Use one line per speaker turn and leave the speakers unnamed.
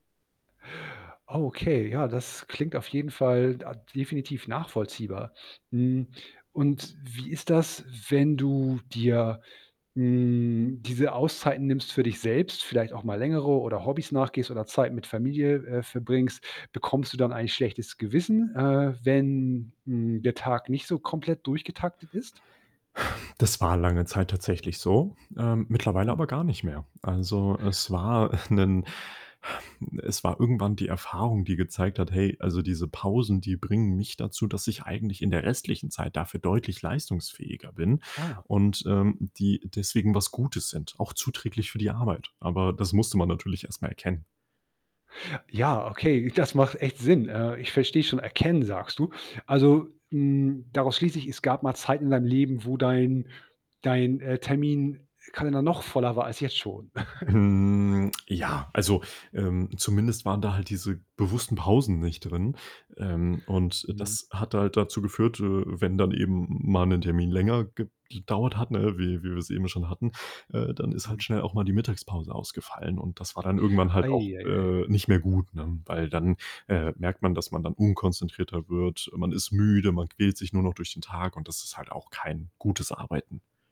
Okay, ja, das klingt auf jeden Fall da definitiv nachvollziehbar. Hm, und wie ist das, wenn du dir, hm, diese Auszeiten nimmst für dich selbst, vielleicht auch mal längere oder Hobbys nachgehst oder Zeit mit Familie, äh, verbringst, bekommst du dann ein schlechtes Gewissen, äh, wenn n der Tag nicht so komplett durchgetaktet ist?
Das war lange Zeit tatsächlich so, äh, mittlerweile
Hm.
aber gar nicht mehr. Also, es war 'nen es war irgendwann die Erfahrung, die gezeigt hat: „Hey, also, diese Pausen, die bringen mich dazu, dass ich eigentlich in der restlichen Zeit dafür deutlich leistungsfähiger bin.“
Ah.
und, ähm, die deswegen was Gutes sind, auch zuträglich für die Arbeit. Aber das musste man natürlich erstmal erkennen.
Ja, okay, das macht echt Sinn. Äh, ich verstehe schon, erkennen sagst du. Also, hm, daraus schließe ich, es gab mal Zeiten in deinem Leben, wo dein dein, äh, Terminkalender leider noch voller war als jetzt schon.
Hm, ja, also, ähm, zumindest waren da halt diese bewussten Pausen nicht drin. Ähm, und
Mhm.
das hat halt dazu geführt, äh, wenn dann eben mal 'nen Termin länger gedauert hat, ne, wie wie wir's eben schon hatten, äh, dann ist halt
Mhm.
schnell auch mal die Mittagspause ausgefallen und das war dann irgendwann halt auch,
Ei, e, ei.
äh, nicht mehr gut, ne, weil dann, äh, merkt man, dass man dann unkonzentrierter wird. Man ist müde, man quält sich nur noch durch den Tag und das ist halt auch kein gutes Arbeiten.